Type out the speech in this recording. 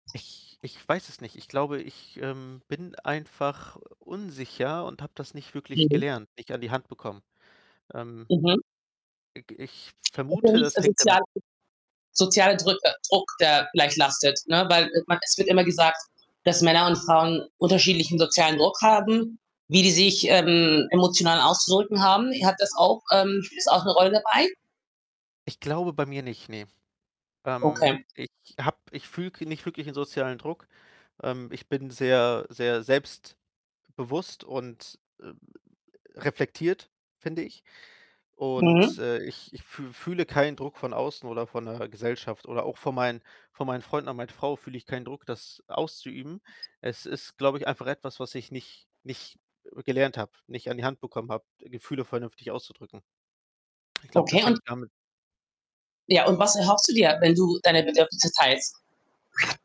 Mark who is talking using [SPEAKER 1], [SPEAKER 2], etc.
[SPEAKER 1] Ich Ich weiß es nicht. Ich glaube, ich, ähm, bin einfach, äh, unsicher und habe das nicht wirklich
[SPEAKER 2] Mhm.
[SPEAKER 1] gelernt, nicht an die Hand bekommen. Ähm
[SPEAKER 2] Mhm.
[SPEAKER 1] i g ich
[SPEAKER 2] Ist ja
[SPEAKER 1] vermute,
[SPEAKER 2] nicht, äh,
[SPEAKER 1] das hängt damit
[SPEAKER 2] sozialer soziale Drücke Druck, der gleich lastet, ne? Weil, äh, man es wird immer gesagt, dass Männer und Frauen unterschiedlichen sozialen Druck haben, wie die sich, ähm, emotional auszudrücken haben. Hat das auch ähm, spielt das auch 'ne Rolle dabei?
[SPEAKER 1] Ich glaube bei mir nicht, ne. Ähm,
[SPEAKER 2] Okay.
[SPEAKER 1] ich habe ich fühle k nicht wirklich 'nen sozialen Druck. Ähm, ich bin sehr sehr selbstbewusst und, äh, reflektiert, finde ich. Und,
[SPEAKER 2] Mhm.
[SPEAKER 1] äh, ich ich fü fühle keinen Druck von außen oder von 'ner Gesellschaft oder auch von meinen von meinen Freunden und meiner Frau fühle ich keinen Druck, das auszuüben. Es ist, glaube ich, einfach etwas, was ich nicht nicht, äh, gelernt habe, nicht an die Hand bekommen habe, Gefühle vernünftig auszudrücken. Ich glaube,
[SPEAKER 2] Okay.
[SPEAKER 1] das
[SPEAKER 2] Und
[SPEAKER 1] hängt damit
[SPEAKER 2] Ja, und was erhoffst du dir, wenn du deine Bedürfnisse teilst?